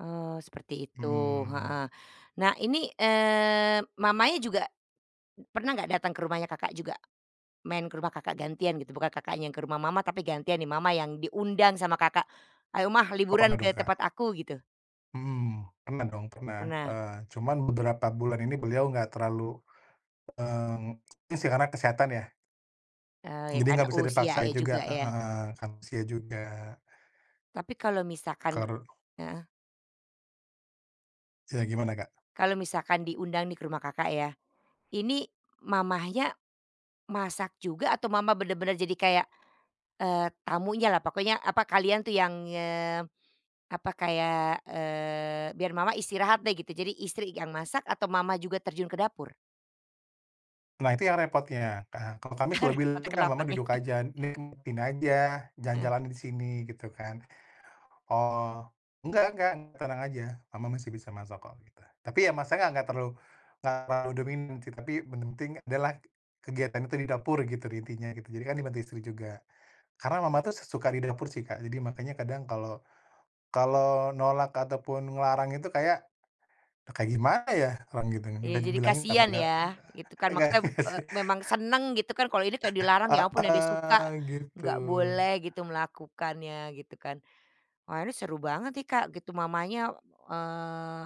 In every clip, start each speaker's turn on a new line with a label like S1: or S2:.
S1: Eee, seperti itu,
S2: Mhm.
S1: heeh. Nah ini, eee, mamanya juga pernah nggak datang ke rumahnya Kakak juga, main ke rumah Kakak gantian gitu? Bukan Kakaknya yang ke rumah mama, tapi gantian nih mama yang diundang sama Kakak, "Ayo, Mah,
S2: Oh, pernah
S1: liburan
S2: dong,
S1: ke tempat
S2: Kak.
S1: aku," gitu.
S2: Mhm, pernah dong, pernah.
S1: Pernah.
S2: Eee, cuman beberapa bulan ini beliau nggak terlalu, mmm, ini sih karena kesehatan ya.
S1: Eee, ya
S2: Jadi
S1: karena
S2: nggak bisa
S1: usia
S2: dipaksain
S1: ya
S2: juga,
S1: juga ya.
S2: heeh, karena usia juga.
S1: Tapi kalau misalkan de
S2: Karu
S1: heeh.
S2: Ya gimana, Kak?
S1: Kalau misalkan diundang nih ke rumah Kakak ya, ini mamanya masak juga atau mama bener-bener jadi kayak, eee, tamunyalah pokoknya, apa, kalian tuh yang, eee, apa kayak eee, "Biar Mama istirahat deh," gitu, jadi istri yang masak atau mama juga terjun ke dapur?
S2: Nah itu yang repotnya, kan. Kalau kami
S1: Ah,
S2: selalu
S1: repotnya
S2: bilang,
S1: kenapa
S2: "Mama
S1: nih?
S2: duduk aja, ini [unintelligible] aja,
S1: Heeh.
S2: jalan-jalan di sini," gitu kan. Oh, "Enggak enggak, tenang aja, Mama masih bisa masak kok, kita" Tapi ya masaknya enggak terlalu enggak terlalu dominan sih, tapi yang penting adalah kegiatan itu di dapur gitu di intinya gitu. Jadi kan dibantu istri juga. Karena mama tuh s suka di dapur sih, Kak, jadi makanya kadang kalau kalau nolak atau pun ngelarang itu kayak, e kayak gimana ya? Orang gituin,
S1: Iya
S2: udah
S1: jadi
S2: dibilangin tambah
S1: kasihan
S2: gak
S1: ya, gitu kan
S2: agak agak
S1: maksudnya e memang seneng gitu kan kalau ini kayak dilarang,
S2: Heeh.
S1: ya ampun yang dia suka
S2: Heeh, gitu.
S1: nggak boleh gitu melakukannya gitu kan. Wah ini seru banget nih, Kak, gitu. Mamanya, eee,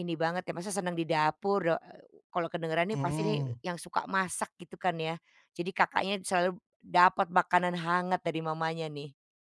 S1: ini banget ya, masih senang di dapur. Da eee, kalau kedengeran nih pasti nih
S2: Mmm.
S1: yang suka masak gitu kan ya. Jadi Kakaknya selalu dapat makanan hangat dari mamanya nih.